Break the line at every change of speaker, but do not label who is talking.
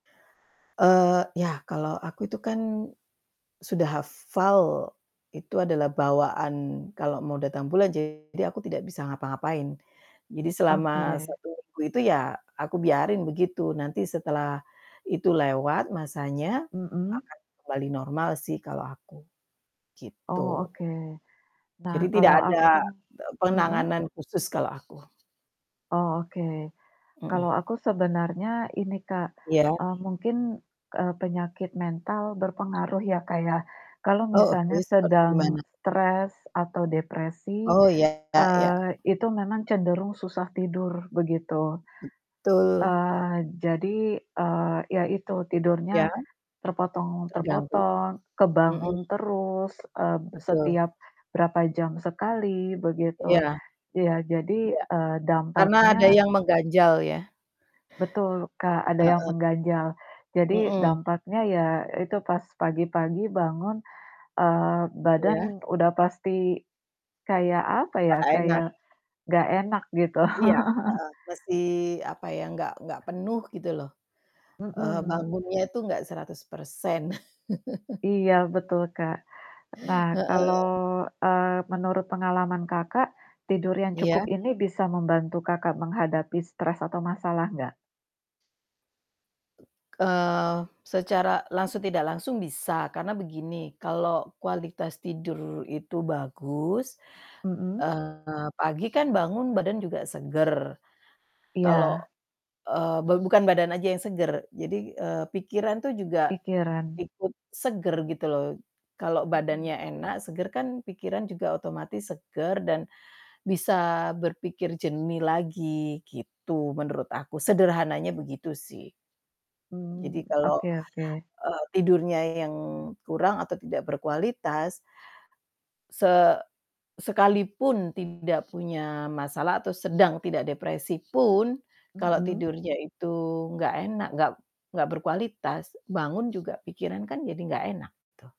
Eee, ya kalau aku itu kan, sudah hafal, itu adalah bawaan kalau mau datang bulan, jadi aku tidak bisa ngapa-ngapain. Jadi selama
Oke.
1 minggu itu ya aku biarin begitu. Nanti setelah itu lewat, masanya
Mhm.
akan kembali normal sih kalau aku,
Oh,
gitu.
oke. Nah,
Jadi tidak
kalau aku
ada, de
mhm?
penanganan khusus kalau aku.
Oh, oke. Kalau
Mhm.
aku sebenernya ini, Kak,
Iya.
eee, mungkin, eee, penyakit mental berpengaruh ya, Kak, ya. Kalau
Oh,
misalnya
oke seperti
sedang
gimana?
stres atau depresi,
Oh, Iya, ya ya.
eee, itu memang cenderung susah tidur, begitu.
Betul.
Eee, jadi, eee, ya itu
Iya.
tidurnya terpotong
Terganggu.
terpotong,
Mhm.
kebangun terus, eee,
Betul.
setiap berapa jam sekali begitu.
Iya.
Iya, jadi,
Iya.
eee,
Karna ada
dampaknya
yang mengganjal ya.
Betul, Kak, ada yang
Heeh.
mengganjal. Jadi,
Mhm.
dampaknya ya itu, pas pagi-pagi bangun, eee, badan
Iya?
udah pasti kayak apa ya,
Nggak enak.
kayak nggak enak gitu.
Iya, heeh, masih apa ya, nggak nggak penuh gitu loh. Eee,
Mhm.
bangunnya itu nggak 100%.
Iya, betul, Kak. Nah, kalau,
Heeh.
eee, menurut pengalaman Kakak, tidur yang cukup
Iya?
ini bisa membantu Kakak menghadapi stres atau masalah nggak?
Eee, secara langsung tidak langsung bisa, karena begini kalau kualitas tidur itu bagus,
Mhm.
eee, pagi kan bangun badan juga seger kalau,
Iya.
eee, ba bukan badan aja yang segar. Jadi, eee, pikiran tuh juga
Pikiran.
ikut segar gitu loh. Kalau
Mhm.
badannya enak, seger, kan pikiran juga otomatis seger dan bisa berpikir jernih lagi, gitu menurut aku, sederhananya begitu sih. Jadi
Hmm,
kalau,
oke oke.
eee, tidurnya yang kurang atau tidak berkualitas se sekalipun tidak punya masalah atau sedang tidak depresi pun, kalau
Mhm.
tidurnya itu nggak enak, nggak nggak berkualitas, bangun juga pikiran kan jadi nggak enak tuh.